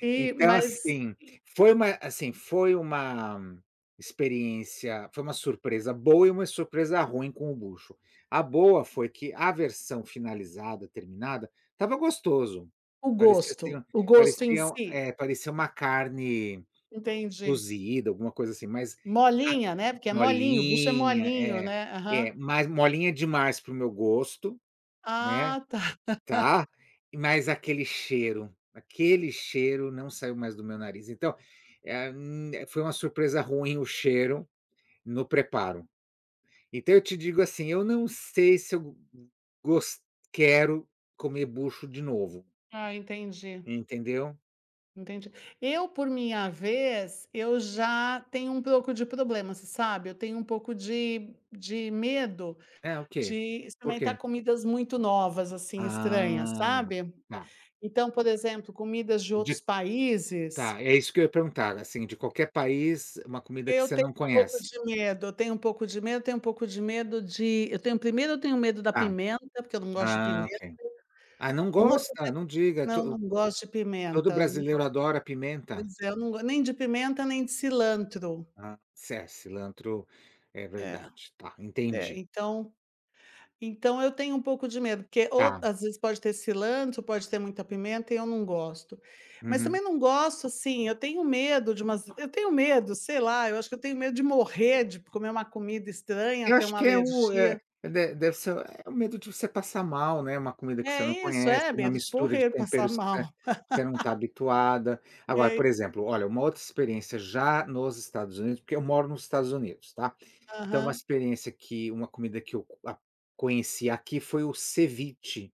Sim, Então, mas assim, e foi uma assim, foi uma experiência foi uma surpresa boa e uma surpresa ruim com o bucho. A boa foi que, a versão finalizada terminada estava gostoso. O Parecia, assim, gosto? ó, O gosto em parecia, si? eh, parecia uma carne, Entendi. cozida alguma coisa, assim, mas a Molinha, né? porque é molinho o bucho é molinha, molinho, é, né? Aham. é, mas molinha demais para o meu gosto, né. Ah, tá. Tá. Mas aquele cheiro, aquele cheiro não saiu mais do meu nariz, então, eh, hum, foi uma surpresa ruim o cheiro no preparo. Então, eu te digo, assim, eu não sei se eu, go gos quero comer bucho de novo Ah, entendi. entendeu? Entendi. Eu, por minha vez eu já tenho um pouco de problema, você sabe. Eu tenho um pouco de de medo É o de quê? Por experimentar quê? comidas muito novas, assim, estranhas, Ah. sabe? Tá. Então, por exemplo, comidas de outros De países Tá, é isso que eu ia perguntar, assim, de qualquer país, uma comida que eu você tenho não um pouco conhece? de medo, eu tenho um pouco de medo, eu tenho um pouco de medo de eu tenho 1º eu tenho medo da Tá. pimenta, porque eu não gosto de Ah, pimenta. ok. Ah, não O outro gosta? medo Não diga, Não, não to gosto de todo pimenta, não gosto. brasileiro adora pimenta. Pois é, eu não gosto nem de pimenta, nem de cilantro. Ah, ce cilantro. É É. verdade, tá, É, entendi. então. Então eu tenho um pouco de medo, porque ou Tá. às vezes pode ter cilantro, pode ter muita pimenta e eu não gosto. Mas também Uhum. não gosto, assim, eu tenho medo de umas eu tenho medo sei lá, eu acho que eu tenho medo de morrer, de comer uma comida estranha, Eu ter acho uma que é o é, alergia. de deve ser o medo de você passar mal, né? Uma comida que você É não isso, conhece, é, uma medo de mistura de morrer, passar temperos que você mal. você não tá habituada. E Agora, é por exemplo, isso. olha, uma outra experiência já nos Estados Unidos, porque eu moro nos Estados Unidos, tá. Então, uma Aham. experiência que uma comida que eu co conheci aqui foi o ceviche,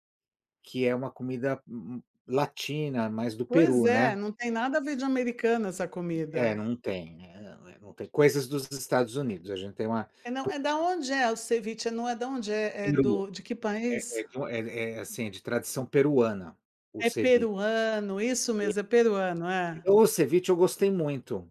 que é uma comida mm latina, mais do Pois Peru, né. é, não tem nada a ver de americano essa É, comida. não tem, né, eh eh Vão ter coisas dos Estados Unidos, a gente tem uma É, não, po é da onde é o ceviche? Não é da onde? É do Peru. de que É é país? de um é é, assim, é de tradição peruana, o É ceviche. peruano, isso [unintelligible] mesmo, é peruano, é. O o ceviche eu gostei muito,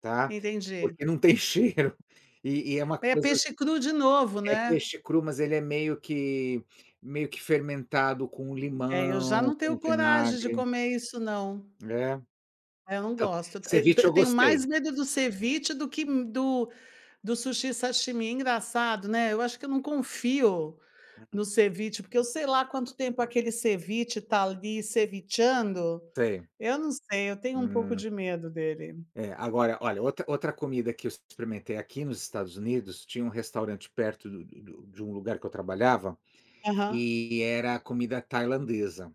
tá, Entendi. porque não tem cheiro e e é uma É coisa peixe cru de novo, a é né? peixe cru, mas ele é meio que meio que fermentado com É, eu já não limão, tenho com coragem de vinagre comer isso, não. é É, eu não Então, gosto. Eu ceviche eu eu tenho mais gostei. medo do ceviche do que do do sushi, sashimi. Engraçado, né, eu acho que eu não confio no Uhum. ceviche, porque eu sei lá quanto tempo aquele ceviche tá, ali, cevichando. Sei. Eu não sei, eu tenho um pouco Hum. de medo dele. É, agora, olha, outra outra comida que eu ex experimentei aqui nos Estados Unidos, tinha um restaurante perto do do de um lugar que eu trabalhava, Aham. eh, era comida tailandesa.